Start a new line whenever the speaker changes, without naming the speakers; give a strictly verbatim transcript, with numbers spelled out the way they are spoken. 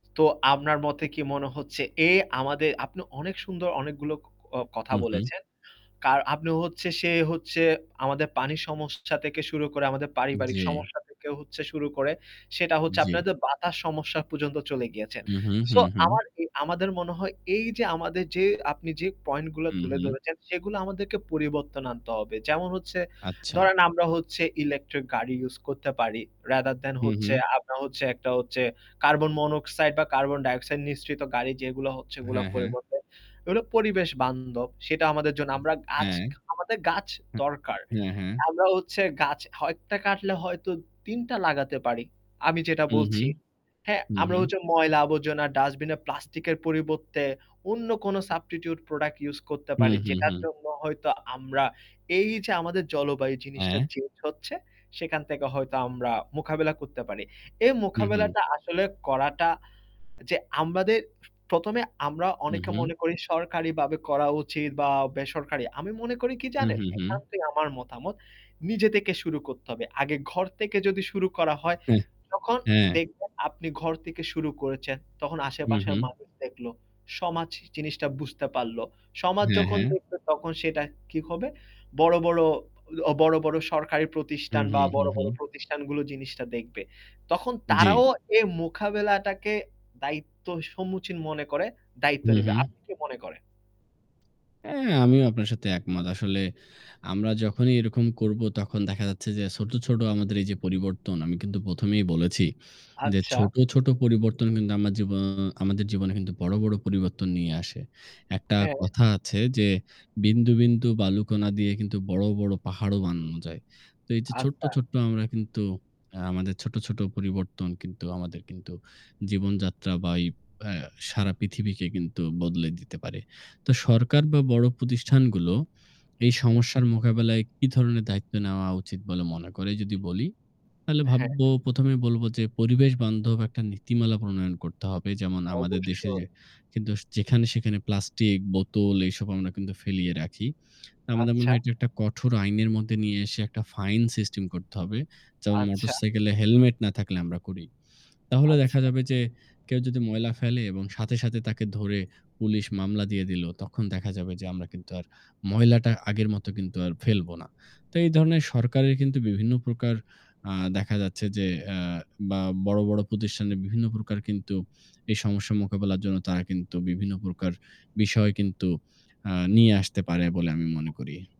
তো আপনার মতে কি মনে হচ্ছে এ আমাদের আপনি অনেক সুন্দর অনেকগুলো ক ক আ কথা
হু, হু।
বলেছেন। কার আপনি হচ্ছে সে হচ্ছে আমাদের পানি সমস্যা থেকে শুরু করে আমাদের পারিবারিক
জ্বী।
সমস্যা থেকে হচ্ছে শুরু করে সেটা হচ্ছে
জ্বী।
আপনাদের বাতাস সমস্যা পর্যন্ত চলে গিয়েছেন।
হু, হু, হু,
সো
হু।
আমার এ আমাদের মনে হয় এই যে আমাদের যে আপনি যে পয়েন্ট গুলো
হু,
তুলে
হু।
ধরেছেন সেগুলো আমাদেরকে পরিবর্তন আনতে হবে। যেমন হচ্ছে
আচ্ছা।
ধরেন আমরা হচ্ছে ইলেকট্রিক গাড়ি ইউস করতে পারি। রাদার দ্যান
হু,
হচ্ছে,
হু।
আমরা হচ্ছে একটা হচ্ছে কার্বন-মনোক্সাইড বা কার্বন-ডাইঅক্সাইড নিশ্রিত গাড়ি যেগুলো হচ্ছে ওগুলার
হ্যাঁ, হ্যাঁ।
পরিবর্তে এগুলো পরিবেশ বান্ধব। সেটা আমাদের জন্য আমরা গাছ
হ্যাঁ।
খা আমাদের গাছ
হ্যাঁ।
দরকার।
হ্যাঁ, হ্যাঁ।
আমরা হচ্ছে গাছটা হয় এক টা কাটলে হয়তো তিন টা লাগাতে পারি। আমি যেটা
হু, হু।
বলছি, হ্যাঁ?
হু,
আমরা
হু।
হচ্ছে ময়লা আবর্জনা, ডাস্টবিনের প্লাস্টিকের পরিবর্তে অন্য কোন সাবস্টিটিউট প্রোডাক্ট ইউস করতে
হু,
পারি।
হু,
যেটার
হু।
জন্য হয়তো আমরা এই যে আমাদের জলবায়ু জিনিসটা
হ্যাঁ।
চেঞ্জ হচ্ছে সেখান থেকে হয়তো আমরা মোখাবেলা করতে পারি। এই
হু, হু।
মোখাবেলাটা আসলে করা টা যে আমাদের প্রথম এ আমরা
হু,
অনেকে
হু।
মনে করি সরকারিবাবে করা উচিত বা বেসরকারি। আমি মনে করি কি
হু,
জানেন,
হু, হু।
একান্তই আমার মতামত। নিজে তেকে শুরু করতে হবে। আগে ঘর থেকে যদি শুরু করা হয় তখন
হ্যাঁ।
দেখবেন আপনি ঘর থেকে শুরু করেছেন তখন
হু,
আশেপাশের
হু।
মানুষ দেখলো। সমাচ জিনিসটা বুঝতে পারল। সমাজ
হ্যাঁ,
যখন
হ্যাঁ।
দেখবে তখন সেটা কি হবে বড়, বড় অ বড়, বড় সরকারি
হু,
প্রতিষ্ঠান বা
হু, হু,
বড়, বড়
হু।
প্রতিষ্ঠানগুলো জিনিসটা দেখবে। তখন
জ্বী।
তারাও এই মোখাবেলাটাকে দায়িত্ব সম্মুচীন মনে করে, দায়িত্ব
হু,
নিবে।
হু।
আপনি কি মনে করেন?
হ্যাঁ, আমিও আপনার সাথে একমত। আসলে আমরা যখনই এরকম করব তখন দেখা যাচ্ছে যে ছোট, ছোট আমাদের এই যে পরিবর্তন আমি কিন্তু প্রথমেই বলেছি যে
আচ্ছা।
ছোট, ছোট পরিবর্তন কিন্তু আমার জীবও আমাদের জীবনে কিন্তু বড়, বড় পরিবর্তন নিয়ে আসে। একটা
হ্যাঁ।
কথা আছে যে "বিন্দু, বিন্দু বালুকণা দিয়ে কিন্তু বড়, বড় পাহাড়ও বানানো যায়"। তো এই যে ছোট্ট,
আচ্ছা।
ছোট্ট আমরা কিন্তু আ আমাদের ছোট, ছোট পরিবর্তন কিন্তু আমাদের কিন্তু জীবনযাত্রা বা ওই অ্যা সারা পৃথিবীকে কিন্তু বদলে দিতে পারে। তো সরকার বা বড় প্রতিষ্ঠানগুলো এই
হুম।
সমস্যার মোকাবেলায় কি ধরনের দায়িত্ব নেওয়া উচিত বলে মনে করে যদি বলি। তাহলে
হ্যাঁ।
ভাববো প্রথমে বলব যে, পরিবেশ বান্ধব একটা নীতিমালা প্রণয়ন করতে হবে। যেমন আমাদের দেশে যে
অবশ্যই।
কিন্তুস যেখানে-সেখানে প্লাস্টিক বোতল এসব আমরা কিন্তু ফেলিয়ে রাখি। আমাদের মনে
আচ্ছা।
হয় এটি একটা কঠোর আইনের মধ্যে নিয়ে এসে একটা ফাইন সিস্টেম করতে হবে। যেমন
আচ্ছা।
মোটরসাইকেলে হেলমেট না থাকলে আমরা করি। তাহলে দেখা
আচ্ছা।
যাবে যে, কেউ যদি ময়লা ফেলে এবং সাথে, সাথে তাকে ধরে পুলিশ মামলা দিয়ে দিলো তখন দেখা যাবে যে আমরা কিন্তু আর ময়লাটা আগের মতো কিন্তু আর ফেলব না। তো এই ধরণের সরকারের কিন্তু বিভিন্ন প্রকার আ দেখা যাচ্ছে যে আ বা বড়, বড় প্রতিষ্ঠানের বিভিন্ন প্রকার কিন্তু এই সমস্যা মোকাবিলার জন্য তারা কিন্তু বিভিন্ন প্রকার বিষয় কিন্তু আ নিয়ে আসতে পারে বলে আমি মনে করি।